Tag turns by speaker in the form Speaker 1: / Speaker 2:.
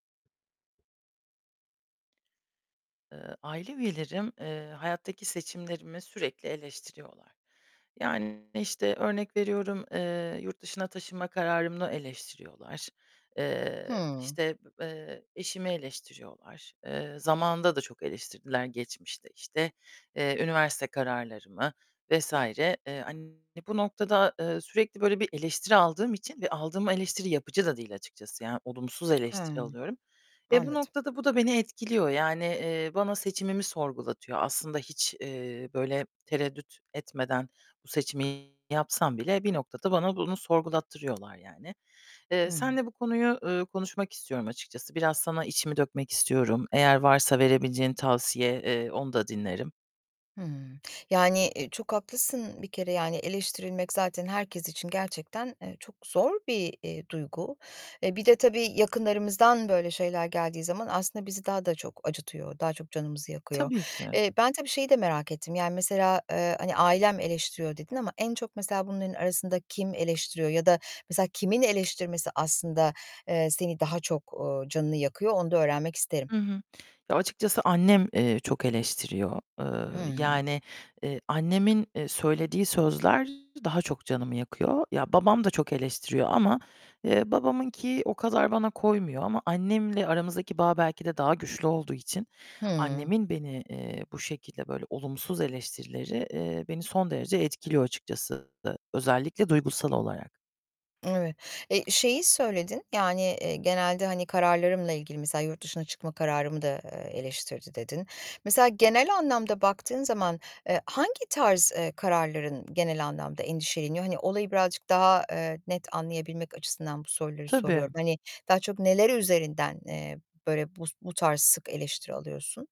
Speaker 1: Eee, aile üyelerim, eee, hayattaki seçimlerimi sürekli eleştiriyorlar. Yani, işte, örnek veriyorum, eee, yurt dışına taşınma kararımı eleştiriyorlar. Eee,
Speaker 2: Hımm.
Speaker 1: işte, b eee, eşimi eleştiriyorlar. Eee, zamanında da çok eleştirdiler geçmişte, işte, eee, üniversite kararlarımı vs. eee, an bu noktada, eee, sürekli böyle bir eleştiri aldığım için ve aldığım eleştiri yapıcı da değil açıkçası. Yani olumsuz eleştiri
Speaker 2: He.
Speaker 1: alıyorum. E, bu
Speaker 2: Anladım.
Speaker 1: noktada bu da beni etkiliyor. Yani, eee, bana seçimimi sorgulatıyor. Aslında hiç, eee, böyle tereddüt etmeden bu seçimi yapsam bile bir noktada bana bunu sorgulattırıyorlar yani. Eee,
Speaker 2: Hı.
Speaker 1: seninle bu konuyu, ııı, konuşmak istiyorum açıkçası. Biraz sana içimi dökmek istiyorum. Eğer varsa verebileceğin tavsiye, eee, onu da dinlerim.
Speaker 2: Hımm. Yani, eee, çok haklısın bir kere. Yani eleştirilmek zaten herkes için gerçekten, eee, çok zor bir, eee, duygu. Eee, bir de tabii yakınlarımızdan böyle şeyler geldiği zaman aslında bizi daha da çok acıtıyor, daha çok canımızı yakıyor.
Speaker 1: Tabii ki.
Speaker 2: Eee, ben tabii şeyi de merak ettim. Yani, mesela, eee, hani "Ailem eleştiriyor." dedin ama en çok mesela bunların arasında kim eleştiriyor? Ya da mesela kimin eleştirmesi aslında, eee, seni daha çok, ııı, canını yakıyor, onu da öğrenmek isterim.
Speaker 1: Hı hı. Ya, açıkçası annem, eee, çok eleştiriyor. Eee,
Speaker 2: Hımm.
Speaker 1: yani, eee, annemin, eee, söylediği sözler daha çok canımı yakıyor. Ya, babam da çok eleştiriyor ama, eee, babamınki o kadar bana koymuyor ama annemle aramızdaki bağ belki de daha güçlü olduğu için
Speaker 2: Hı.
Speaker 1: annemin beni, eee, bu şekilde, böyle olumsuz eleştirileri, eee, beni son derece etkiliyor açıkçası. Özellikle duygusal olarak.
Speaker 2: Evet, eee, şeyi söyledin, yani, eee, genelde, hani, kararlarımla ilgili, mesela yurt dışına çıkma kararımı da, eee, eleştirdi dedin. Mesela genel anlamda baktığın zaman, eee, hangi tarz, eee, kararların genel anlamda endişeleniyor? Hani olayı birazcık daha, eee, net anlayabilmek açısından bu soruları
Speaker 1: Tabii.
Speaker 2: soruyorum. Hani daha çok neleri üzerinden, eee, böyle bu bu tarz sık eleştiri alıyorsun?